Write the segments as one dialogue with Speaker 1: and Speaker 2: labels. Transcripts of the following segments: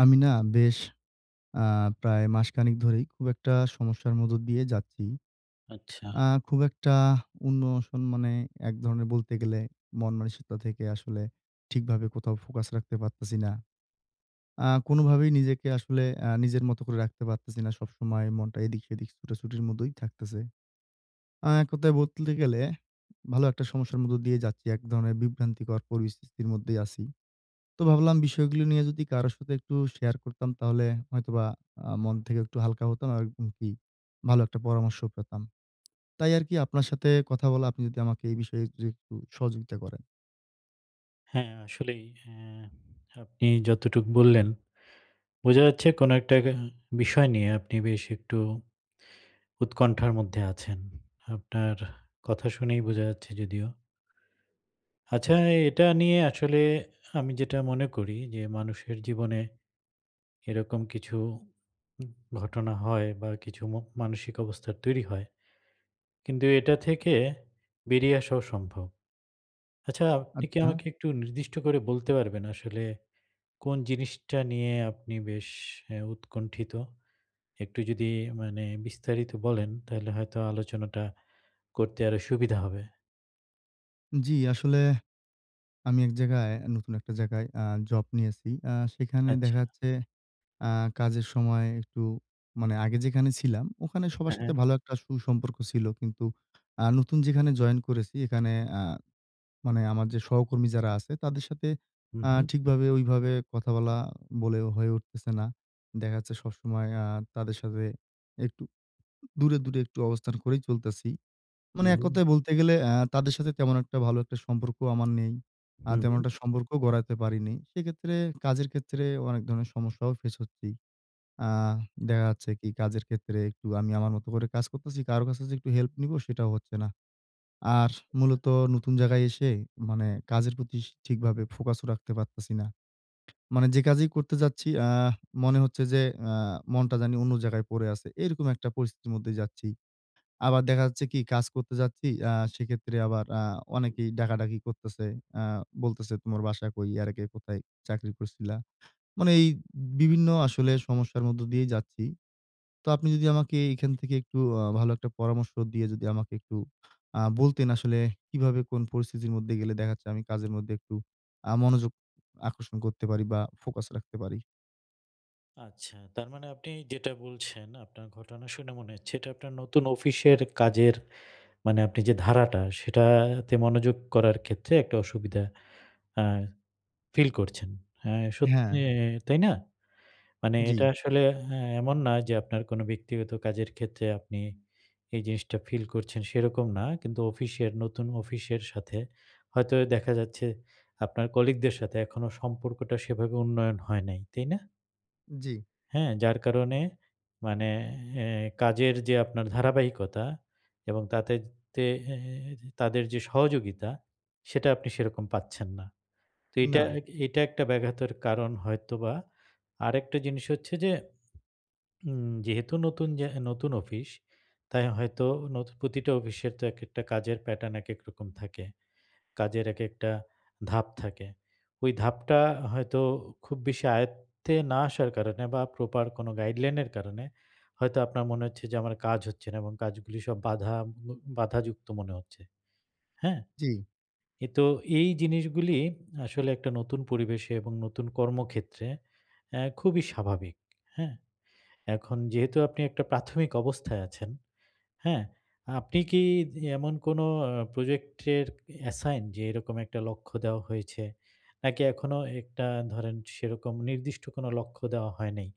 Speaker 1: আমি না বেশ আ প্রায় মাসখানেক ধরেই খুব একটা সমস্যার মধ্য দিয়ে যাচ্ছি।
Speaker 2: আচ্ছা।
Speaker 1: আ খুব একটা ইমোশন মানে একধরনের বলতে গেলে মনমানসিকতা থেকে আসলে ঠিকভাবে কোথাও ফোকাস রাখতে পারতেছি না। আ কোনোভাবেই নিজেকে আসলে আ নিজের মত করে রাখতে পারতেছি না। সবসময় মনটা এদিক সেদিক ছুটাছুটির মতোই থাকতেছে। আ এককথায় বলতে গেলে, ভালো একটা সমস্যার মধ্যে দিয়ে যাচ্ছি। একধরনের বিভ্রান্তিকর পরিস্থিতির মধ্যেই আছি। তো ভাবলাম বিষয়গুলো নিয়ে যদি কারো সাথে একটু শেয়ার করতাম, তাহলে হয়তোবা আ মন থেকে একটু হালকা হতাম আরকি ভালো একটা পরামর্শ পেতাম। তাই আরকি আপনার সাথে কথা বলা, আপনি যদি আমাকে এই বিষয়ে যদি একটু সহযোগিতা করেন?
Speaker 2: হ্যাঁ, আসলেই আ আপনি যতটুকু বললেন। বোঝা যাচ্ছে, কোন একটা আ বিষয় নিয়ে আপনি বেশ একটু উৎকণ্ঠার মধ্যে আছেন, আপনার কথা শুনেই বোঝা যাচ্ছে যদিও আচ্ছা, আ এটা নিয়ে আসলে আমি যেটা মনে করি যে মানুষের জীবনে। এরকম কিছু ঘটনা হয়, বা কিছু ম মানসিক অবস্থার তৈরি হয়। কিন্তু এটা থেকে বেরিয়ে আসাও সম্ভব। আচ্ছা, আপনি কি
Speaker 1: আচ্ছা।
Speaker 2: আমাকে একটু নির্দিষ্ট করে বলতে পারবেন? আসলে কোন জিনিসটা নিয়ে আপনি বেশ আ উৎকণ্ঠিত? একটু যদি মানে বিস্তারিত বলেন, তাইলে হয়তো আলোচনাটা করতে আরো সুবিধা হবে।
Speaker 1: জ্বি, আসলে আমি এক জায়গায় নতুন একটা জায়গায় আ জব নিয়েছি। আ সেখানে
Speaker 2: আচ্ছা।
Speaker 1: দেখা যাচ্ছে, আ কাজের সময় একটু মানে আগে যেখানে ছিলাম, ওখানে সবার
Speaker 2: হ্যাঁ,
Speaker 1: সাথে
Speaker 2: হ্যাঁ।
Speaker 1: ভালো একটা সুসম্পর্ক ছিল। কিন্তু আ নতুন যেখানে জয়েন করেছি, এখানে আ মানে আমার যে সহকর্মী যারা আছে, তাদের সাথে,
Speaker 2: হুম,
Speaker 1: আ
Speaker 2: হুম।
Speaker 1: ঠিকভাবে ওইভাবে কথা বলা বলে হয়ে উঠতেছে না। দেখা যাচ্ছে সবসময় আ তাদের সাথে একটু দূরে, দূরে একটু অবস্থান করেই চলতেছি।
Speaker 2: হু,
Speaker 1: মানে
Speaker 2: হুম।
Speaker 1: এককথায় বলতে গেলে, আ তাদের সাথে তেমন একটা ভালো একটা সম্পর্ক আমার নেই। আ
Speaker 2: হু,
Speaker 1: তেমন
Speaker 2: হুম।
Speaker 1: একটা সম্পর্ক গড়াতে পারিনি। সেক্ষেত্রে কাজের ক্ষেত্রে, অনেক ধরনের সমস্যাও ফেস করছি। আ
Speaker 2: হ্যাঁ।
Speaker 1: দেখা যাচ্ছে কি? কাজের ক্ষেত্রে একটু আমি আমার মতো করে কাজ করতেছি। কারো কাছে যদি একটু হেল্প নিবো সেটাও হচ্ছে না। আর মূলত নতুন জায়গায় এসে মানে কাজের প্রতি স ঠিকভাবে ফোকাস ও রাখতে পারতেছি না। মানে যে কাজেই করতে যাচ্ছি, আ মনে হচ্ছে যে আ মনটা জানি অন্য জায়গায় পড়ে আছে। এরকম একটা পরিস্থিতির মধ্যে যাচ্ছি। আবার দেখা যাচ্ছে কি? কাজ করতে যাচ্ছি আ সেক্ষেত্রে আবার আ
Speaker 2: হু।
Speaker 1: অনেকেই ডাকাডাকি করতেছে। আ বলতেছে, "তোমার বাসা কই? এর আগে কোথায় চাকরি করছিলা।" মানে এই বিভিন্ন আসলে সমস্যার মধ্য দিয়েই যাচ্ছি। তো আপনি যদি আমাকে এখান থেকে একটু আ ভালো একটা পরামর্শ দিয়ে, যদি আমাকে একটু আ বলতেন, আসলে কিভাবে কোন পরিস্থিতির মধ্যে গেলে দেখা যাচ্ছে, আমি কাজের মধ্যে একটু আ মনোযোগ আকর্ষণ করতে পারি? বা ফোকাস রাখতে পারি?
Speaker 2: আচ্ছা। তার মানে আপনি যেটা বলছেন, আপনার ঘটনা শুনে মনে হচ্ছে, এটা আপনার নতুন অফিসের কাজের, মানে আপনি যে ধারাটা, সেটাতে মনোযোগ করার ক্ষেত্রে একটা অসুবিধা আ ফিল করছেন। আ সত্যি
Speaker 1: হ্যাঁ।
Speaker 2: এ তাই না? মানে এটা
Speaker 1: জি।
Speaker 2: আসলে আ এমন না যে, আপনার কোন ব্যক্তিগত কাজের ক্ষেত্রে আপনি এই জিনিসটা ফিল করছেন সেরকম না। কিন্তু অফিসের, নতুন অফিসের সাথে হয়তো দেখা যাচ্ছে, আপনার কলিগদের সাথে এখনো সম্পর্কটা সেভাবে উন্নয়ন হয় নাই। তাই না?
Speaker 1: জি।
Speaker 2: হ্যাঁ? যার কারণে মানে এ কাজের যে আপনার ধারাবাহিকতা, এবং তাতে এ তাদের যে সহযোগিতা, সেটা আপনি সেরকম পাচ্ছেন না। তো এটা
Speaker 1: না।
Speaker 2: এ এটা একটা ব্যাঘাতের কারণ হয়তোবা। আরেকটা জিনিস হচ্ছে যে, উম যেহেতু নতুন জা নতুন অফিস তাই হয়তো, নতু প্রতিটা অফিসের তো একেকটা কাজের প্যাটার্ন, একেক রকম থাকে। কাজের একেকটা ধাপ থাকে। ওই ধাপটা হয়তো খুব বেশি আয়ত্তে না আসার কারণে, বা প্রপার কোন গাইডলাইন এর কারণে হয়তো আপনার মনে হচ্ছে, যে আমার কাজ হচ্ছে না, এবং কাজগুলো সব বাধা উ বাধাযুক্ত মনে হচ্ছে। হ্যাঁ?
Speaker 1: জি।
Speaker 2: এ তো এই জিনিসগুলি আসলে একটা নতুন পরিবেশে, এবং নতুন কর্মক্ষেত্রে আ খুবই স্বাভাবিক। হ্যাঁ? এখন যেহেতু আপনি একটা প্রাথমিক অবস্থায় আছেন, হ্যাঁ? আপনি কি এমন কোন আ প্রজেক্ট এর অ্যাসাইন? যে এরকম একটা লক্ষ্য দেওয়া হয়েছে। নাকি এখনো একটা ধরেন সেরকম নির্দিষ্ট কোন লক্ষ্য দেওয়া হয় নাই।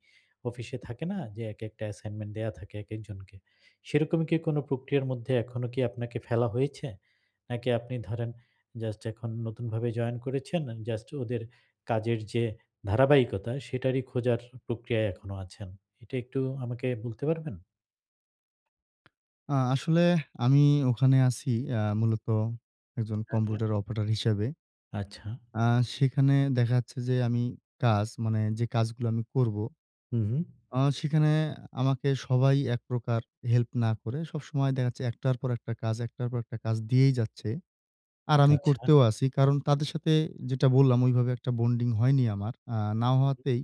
Speaker 2: অফিসে থাকে না? যে, একেকটা অ্যাসাইনমেন্ট দেয়া থাকে একেকজনকে। সেরকমই কি কোন প্রক্রিয়ার মধ্যে এখনো কি আপনাকে ফেলা হয়েছে? নাকি আপনি ধরেন জাস্ট এখন নতুনভাবে জয়েন করেছেন। জাস্ট ওদের কাজের যে ধারাবাহিকতা, সেটারই খোঁজার প্রক্রিয়ায় এখনো আছেন। এটা একটু আমাকে বলতে পারবেন?
Speaker 1: আ আসলে আমি ওখানে আছি, আ মূলত একজন
Speaker 2: হ্যাঁ, হ্যাঁ।
Speaker 1: কম্পিউটার অপারেটর হিসেবে।
Speaker 2: আচ্ছা।
Speaker 1: আ সেখানে দেখা যাচ্ছে যে আমি কাজ, মানে যে কাজগুলো আমি করব।
Speaker 2: হু, হুম।
Speaker 1: আ সেখানে আমাকে সবাই একপ্রকার হেল্প না করে। সবসময় দেখা যাচ্ছে ১ টার পর একটা কাজ, ১ টার পর একটা কাজ দিয়েই যাচ্ছে। আর আমি
Speaker 2: আচ্ছা।
Speaker 1: করতেও আছি। কারণ তাদের সাথে যেটা বললাম ওইভাবে একটা বন্ডিং হয়নি আমার। আ না
Speaker 2: [unintelligible]
Speaker 1: হওয়াতেই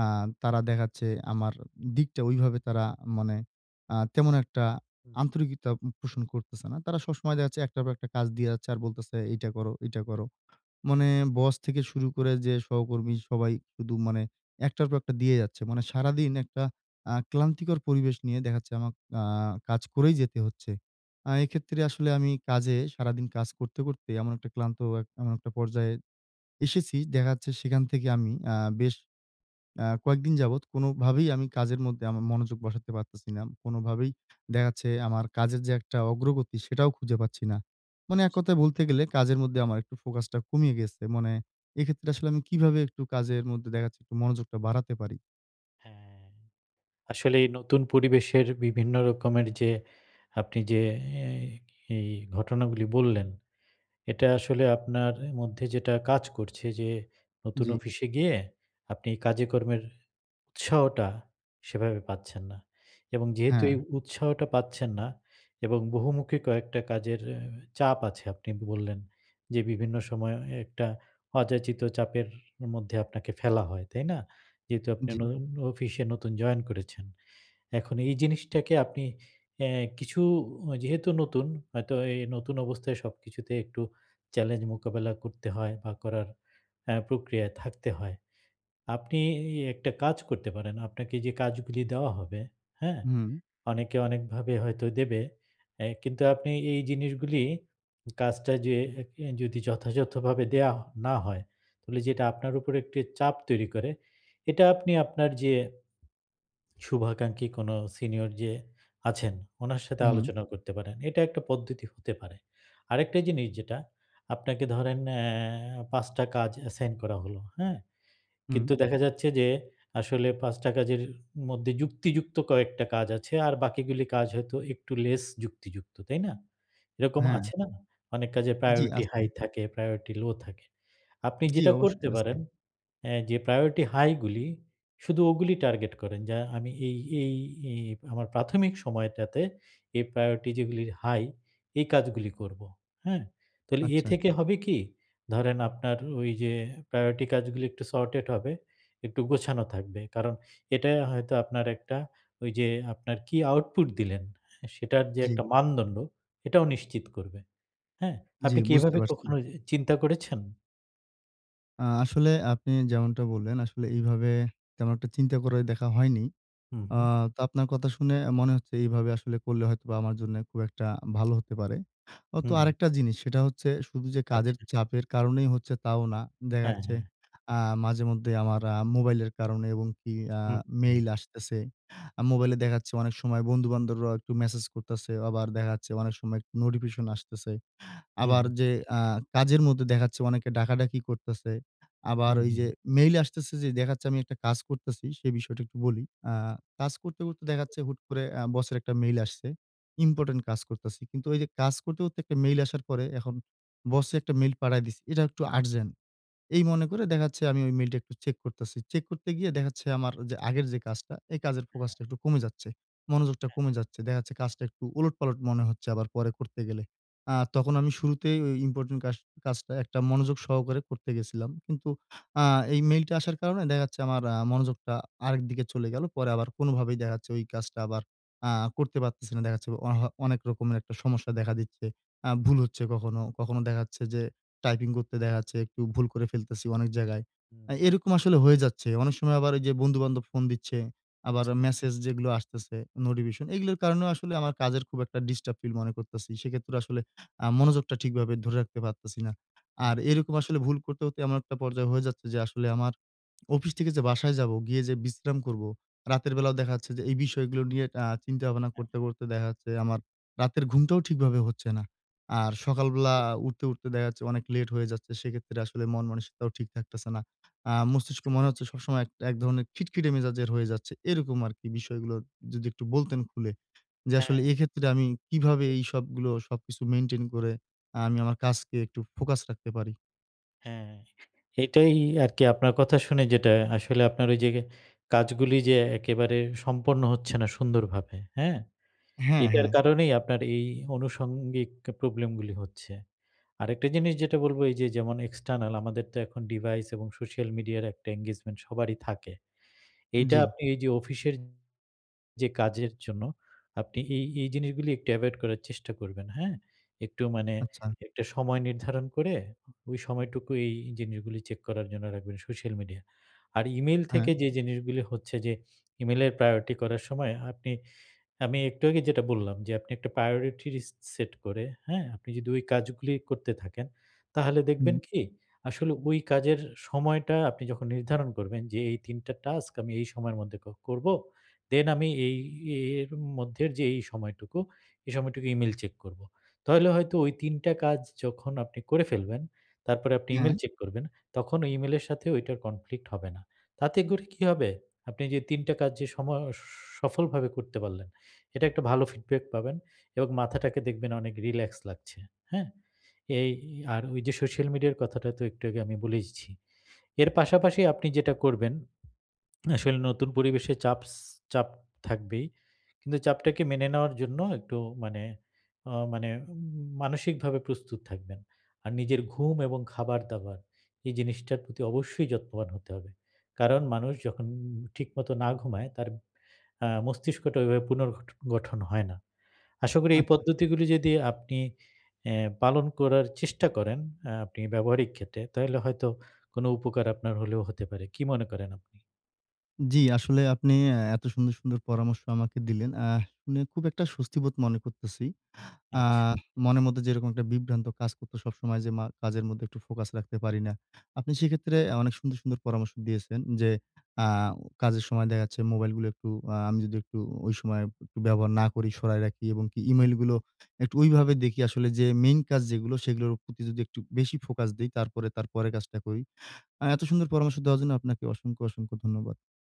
Speaker 1: আ তারা দেখা যাচ্ছে আমার দিকটা ওইভাবে তারা মানে আ তেমন একটা
Speaker 2: হু, হু।
Speaker 1: আন্তরিকতা পোষণ করতেছে না। তারা সবসময় দেখা যাচ্ছে একটার পর একটা কাজ দিয়ে যাচ্ছে, আর বলতেছে, "এইটা করো, ঐটা করো।"
Speaker 2: হু।
Speaker 1: মানে বস থেকে শুরু করে যে সহকর্মী সবাই শুধু মানে ১ টার পর একটা দিয়ে যাচ্ছে। মানে সারাদিন একটা আ ক্লান্তিকর পরিবেশ নিয়ে দেখা যাচ্ছে, আমাকে আ কাজ করেই যেতে হচ্ছে। আ
Speaker 2: হু।
Speaker 1: এক্ষেত্রে আসলে আমি কাজে সারাদিন কাজ করতে, করতে এমন একটা ক্লান্ত এমন একটা পর্যায়ে এসেছি। দেখা যাচ্ছে সেখান থেকে আমি আ বেশ আ কয়েকদিন যাবৎ কোনভাবেই আমি কাজের মধ্যে আমার মনোযোগ বসাতে পারতেছি না। কোনভাবেই দেখা যাচ্ছে, আমার কাজের যে একটা অগ্রগতি সেটাও খুঁজে পাচ্ছি না।
Speaker 2: ও,
Speaker 1: মানে
Speaker 2: জি।
Speaker 1: এককথায় বলতে গেলে, কাজের মধ্যে আমার একটু ফোকাসটা কমিয়ে গেছে। মানে এক্ষেত্রে আসলে আমি কিভাবে একটু কাজের মধ্যে দেখা যাচ্ছে, একটু মনোযোগটা বাড়াতে পারি?
Speaker 2: হ্যাঁ। আসলে এই নতুন পরিবেশের বিভিন্ন রকমের যে আপনি যে এ এই ঘটনাগুলি বললেন, এটা আসলে আপনার মধ্যে যেটা কাজ করছে, যে নতুন
Speaker 1: জ্বি।
Speaker 2: অফিসে গিয়ে, আপনি কাজেকর্মের উৎসাহটা সেভাবে পাচ্ছেন না। এবং যেহেতু এই
Speaker 1: হ্যাঁ।
Speaker 2: উৎসাহটা পাচ্ছেন না, এবং বহুমুখী কয়েকটা কাজের আ চাপ আছে, আপনি বললেন। যে বিভিন্ন সময় অ একটা অযাচিত চাপের মধ্যে আপনাকে ফেলা হয়। তাই না? যেহেতু আপনি
Speaker 1: জ্বি।
Speaker 2: নতুন অফিসে নতুন জয়েন করেছেন। এখন এই জিনিসটাকে আপনি অ্যা কিছু যেহেতু নতুন হয়তো এই নতুন অবস্থায় সবকিছুতে একটু চ্যালেঞ্জ মোকাবেলা করতে হয়, বা করার আ প্রক্রিয়ায় থাকতে হয়। আপনি এ একটা কাজ করতে পারেন। আপনাকে যে কাজগুলি দেওয়া হবে, হ্যাঁ?
Speaker 1: হুম।
Speaker 2: অনেকে অনেকভাবে হয়তো দেবে। এ কিন্তু আপনি এই জিনিসগুলি কাজটা যে যদি যথাযথভাবে দেওয়া না হয়, তাহলে যেটা আপনার উপর একটি চাপ তৈরি করে, এটা আপনি আপনার যে শুভাকাঙ্ক্ষী কোন সিনিয়র যে আছেন, উনার সাথে
Speaker 1: উ হুম।
Speaker 2: আলোচনা করতে পারেন। এটা একটা পদ্ধতি হতে পারে। আরেকটা জিনিস যেটা, আপনাকে ধরেন এ ৫ টা কাজ এসাইন করা হলো। হ্যাঁ?
Speaker 1: হুম।
Speaker 2: কিন্তু দেখা যাচ্ছে, যে, আসলে ৫ টা কাজের মধ্যে যুক্তিযুক্ত কয়েকটা কাজ আছে। আর বাকিগুলি কাজ হয়তো একটু লেস যুক্তিযুক্ত। তাই না? এরকম
Speaker 1: হ্যাঁ।
Speaker 2: আছে না? অনেক কাজে
Speaker 1: জ্বি
Speaker 2: প্রায়োরিটি
Speaker 1: আছে।
Speaker 2: হাই থাকে, প্রায়োরিটি লো থাকে। আপনি
Speaker 1: জ্বি
Speaker 2: যেটা
Speaker 1: অবশ্যই
Speaker 2: করতে
Speaker 1: আছে।
Speaker 2: পারেন এ যে, প্রায়োরিটি হাই গুলি শুধু ওগুলি টার্গেট করেন, যে আমি এই, এই এ আমার প্রাথমিক সময়টাতে, এই প্রায়োরিটি যেগুলি হাই এই কাজগুলি করব। হ্যাঁ? তাইলে এ
Speaker 1: আচ্ছা।
Speaker 2: থেকে হবে কি? ধরেন আপনার ওই যে প্রায়োরিটি কাজগুলো একটু সর্টেড হবে, একটু গোছানো থাকবে। কারণ এটা হয়তো আপনার একটা ঐ যে আপনার কি আউটপুট দিলেন সেটার যে
Speaker 1: জ্বি।
Speaker 2: একটা মানদণ্ড এটাও নিশ্চিত করবে। হ্যাঁ?
Speaker 1: জ্বি,
Speaker 2: আপনি কি
Speaker 1: বুঝতে
Speaker 2: এভাবে
Speaker 1: পারছি।
Speaker 2: কখনো চিন্তা করেছেন?
Speaker 1: আ আসলে আপনি যেমনটা বললেন, আসলে এভাবে তেমন একটা চিন্তা করে দেখা হয়নি।
Speaker 2: হুম,
Speaker 1: আ
Speaker 2: হুম।
Speaker 1: তো আপনার কথা শুনে মনে হচ্ছে, এইভাবে আসলে করলে হয়তো আমার জন্য খুব একটা ভালো হতে পারে। আ তো
Speaker 2: হুম।
Speaker 1: আরেকটা জিনিস সেটা হচ্ছে, শুধু যে কাজের
Speaker 2: আচ্ছা।
Speaker 1: চাপের কারণেই হচ্ছে, তাও না। দেখা
Speaker 2: হ্যাঁ,
Speaker 1: যাচ্ছে,
Speaker 2: হ্যাঁ।
Speaker 1: আ মাঝেমধ্যেই আমার আ মোবাইলের কারণে, এবং কি আ
Speaker 2: হুম, হু।
Speaker 1: মেইল আসতেছে। আ
Speaker 2: হু,
Speaker 1: মোবাইলে
Speaker 2: হু।
Speaker 1: দেখা যাচ্ছে অনেক সময় বন্ধু-বান্ধবরা একটু মেসেজ করতেছে, আবার দেখা যাচ্ছে অনেক সময় নোটিফিকেশন আসতেছে।
Speaker 2: হুম,
Speaker 1: আবার
Speaker 2: হুম।
Speaker 1: যে আ কাজের মধ্যে দেখা যাচ্ছে, অনেকে ডাকাডাকি করতেছে। আবার
Speaker 2: হুম,
Speaker 1: ওই যে
Speaker 2: হুম।
Speaker 1: মেইল আসতেছে যে দেখা যাচ্ছে, আমি একটা কাজ করছি সে বিষয়টা একটু বলি। আ কাজ করতে, করতে দেখা যাচ্ছে হুট করে আ বসের একটা মেইল আসছে। ইম্পোর্টেন্ট কাজ করতেছি। কিন্তু ওই যে কাজ করতে, করতে একটা মেইল আসার পরে এখন বসে একটা মেইল পাঠায় দিছে। এটা একটু আর্জেন্ট। এই মনে করে
Speaker 2: হুম।
Speaker 1: দেখা যাচ্ছে আমি ওই মেইল টা একটু চেক করতেছি। চেক করতে গিয়ে দেখা যাচ্ছে আমার যে আগের যে কাজটা এই কাজের
Speaker 2: হ্যাঁ।
Speaker 1: ফোকাস টা একটু কমে যাচ্ছে। মনোযোগটা
Speaker 2: হ্যাঁ,
Speaker 1: কমে
Speaker 2: হ্যাঁ।
Speaker 1: যাচ্ছে। দেখা যাচ্ছে কাজটা একটু উলটপালট মনে হচ্ছে, আবার পরে করতে গেলে। আ তখন আমি শুরুতেই ঐ ইম্পোর্টেন্ট কাস কাজটা একটা মনোযোগ সহকারে করতে গেছিলাম। কিন্তু আ এই মেইলটা আসার কারণে দেখা যাচ্ছে, আমার আ মনোযোগটা আরেকদিকে চলে গেল। পরে আবার
Speaker 2: হুম।
Speaker 1: কোনভাবেই দেখা যাচ্ছে ওই কাজটা আবার আ করতে পারতেছি না। দেখা যাচ্ছে অহ অনেক রকমের একটা সমস্যা দেখা দিচ্ছে। আ ভুল হচ্ছে কখনো, কখনো, দেখা যাচ্ছে যে টাইপিং করতে দেখা যাচ্ছে, একটু ভুল করে ফেলতেছি অনেক জায়গায়। আ
Speaker 2: হুম।
Speaker 1: এরকম আসলে হয়ে যাচ্ছে। অনেক সময় আবার যে বন্ধু-বান্ধব ফোন দিচ্ছে, আবার
Speaker 2: বুঝতে
Speaker 1: মেসেজ যেগুলো আসতেছে নোটিফিকেশন এগুলোর কারণে আসলে আমার কাজের খুব একটা ডিস্টার্ব ফিল মনে করতেছি। সেক্ষেত্রে আসলে আ মনোযোগটা ঠিকভাবে ধরে রাখতে পারতেছি না। আর
Speaker 2: হ্যাঁ।
Speaker 1: এরকম আসলে ভুল করতে, করতে এমন একটা পর্যায় হয়ে যাচ্ছে, যে আসলে আমার অফিস থেকে যে বাসায় যাবো, গিয়ে যে বিশ্রাম করবো, রাতের বেলাও দেখা যাচ্ছে যে এই বিষয়গুলো নিয়ে আ চিন্তা ভাবনা
Speaker 2: হ্যাঁ,
Speaker 1: করতে,
Speaker 2: হ্যাঁ।
Speaker 1: করতে দেখা যাচ্ছে। আমার রাতের ঘুমটাও ঠিকভাবে হচ্ছে না। আর সকালবেলা
Speaker 2: [unintelligible]
Speaker 1: উঠতে, উঠতে দেখা যাচ্ছে, অনেক লেট হয়ে যাচ্ছে। সেক্ষেত্রে আসলে মন-মানসিকতাও ঠিক থাকতেছে না। আ
Speaker 2: বুঝতে
Speaker 1: মস্তিষ্কে মনে
Speaker 2: পেরেছি।
Speaker 1: হচ্ছে সবসময় এ এক ধরনের খিটখিটে মেজাজের হয়ে যাচ্ছে। এরকম আরকি বিষয়গুলো যদি একটু বলতেন খুলে। যে
Speaker 2: হ্যাঁ।
Speaker 1: আসলে এক্ষেত্রে আমি কিভাবে এইসবগুলো সবকিছু মেইনটেইন করে আমি আমার কাজকে একটু ফোকাস রাখতে পারি?
Speaker 2: হ্যাঁ, এটাই আরকি আপনার কথা শুনে, যেটা আসলে আপনার ওই যে কাজগুলি যে একেবারে সম্পন্ন হচ্ছে না সুন্দরভাবে, হ্যাঁ?
Speaker 1: হ্যাঁ,
Speaker 2: এটার
Speaker 1: হ্যাঁ।
Speaker 2: কারণেই আপনার এই আনুষঙ্গিক প্রবলেমগুলি হচ্ছে। আরেকটা জিনিস যেটা বলব, এই যে যেমন এক্সটার্নাল আমাদের তো এখন ডিভাইস, এবং সোশ্যাল মিডিয়ার একটা এনগেজমেন্ট সবারই থাকে। এইটা
Speaker 1: জি।
Speaker 2: আপনি এই যে অফিসের যে কাজের জন্য আপনি এই, এই জিনিসগুলি একটু অ্যাভয়েড করার চেষ্টা করবেন হ্যাঁ? একটু মানে
Speaker 1: আচ্ছা।
Speaker 2: একটা সময় নির্ধারণ করে, ওই সময়টুকু এই জিনিসগুলি চেক করার জন্য রাখবেন সোশ্যাল মিডিয়া। আর E-mail
Speaker 1: হ্যাঁ।
Speaker 2: থেকে যে জিনিসগুলি হচ্ছে যে E-mail এর প্রায়োরিটি করার সময় আপনি আমি একটু আগে যেটা বললাম, যে আপনি একটা প্রায়োরিটি র ইস সেট করে, হ্যাঁ? আপনি যদি ওই কাজগুলি করতে থাকেন, তাহলে দেখবেন
Speaker 1: হুম।
Speaker 2: কি? আসলে ওই কাজের সময়টা আপনি যখন নির্ধারণ করবেন, যে এই ৩ টা টাস্ক আমি এই সময়ের মধ্যে ক করব, দেন আমি এই এর মধ্যে যে এই সময়টুকু, এই সময়টুকু E-mail চেক করব। তাহলে হয়তো ওই ৩ টা কাজ যখন আপনি করে ফেলবেন, তারপরে আপনি
Speaker 1: হ্যাঁ।
Speaker 2: E-mail চেক করবেন তখন ওই E-mail এর সাথে ওইটার কনফ্লিক্ট হবে না। তাতে করে কী হবে? আপনি যে ৩ টা কাজ যে সম সফলভাবে করতে পারলেন, এটা একটা ভালো ফিডব্যাক পাবেন, এবং মাথাটাকে দেখবেন অনেক রিল্যাক্স লাগছে, হ্যাঁ? এই আর ওই যে সোশ্যাল মিডিয়ার কথাটা তো একটু আগে আমি বলেইছি। এর পাশাপাশি আপনি যেটা করবেন, আসলে নতুন পরিবেশে চাপস চাপ থাকবেই। কিন্তু চাপটাকে মেনে নেওয়ার জন্য একটু মানে আ মানে উ মানসিকভাবে প্রস্তুত থাকবেন। আর নিজের ঘুম, এবং খাবার-দাবার এই জিনিসটার প্রতি অবশ্যই যত্নবান হতে হবে। কারণ মানুষ যখন ঠিকমত না ঘুমায়, তার আ মস্তিষ্কটা ওইভাবে পুনর্গঠ গঠন হয় না। আশা করি এই
Speaker 1: আচ্ছা।
Speaker 2: পদ্ধতিগুলি যদি আপনি এ পালন করার চেষ্টা করেন, আ আপনি ব্যবহারিক ক্ষেত্রে তাইলে হয়তো কোন উপকার আপনার হলেও হতে পারে, কী মনে করেন আপনি?
Speaker 1: জি, আসলে আপনি এ এত সুন্দর, সুন্দর পরামর্শ আমাকে দিলেন। আ শুনে খুব একটা স্বস্তিবোধ মনে করতেছি, আ
Speaker 2: আচ্ছা।
Speaker 1: মনের মধ্যে যেরকম একটা বিভ্রান্ত কাজ করত সবসময়, যে মা কাজের মধ্যে একটু ফোকাস রাখতে পারি না। আপনি সেক্ষেত্রে আ অনেক সুন্দর, সুন্দর পরামর্শ দিয়েছেন যে আ কাজের সময় দেখা যাচ্ছে মোবাইলগুলো একটু আ আমি যদি একটু ওই সময় ব্যবহার না করি, সরায় রাখি, এবং কি
Speaker 2: হু।
Speaker 1: E-mail গুলো একটু ওই ভাবে দেখি, আসলে যে মেইন কাজ যেগুলো সেগুলোর প্রতি যদি একটু বেশি ফোকাস দেই, তারপরে, তারপরের কাজটা করি। আ এত সুন্দর পরামর্শ দেওয়ার জন্য আপনাকে অসংখ্য, অসংখ্য ধন্যবাদ।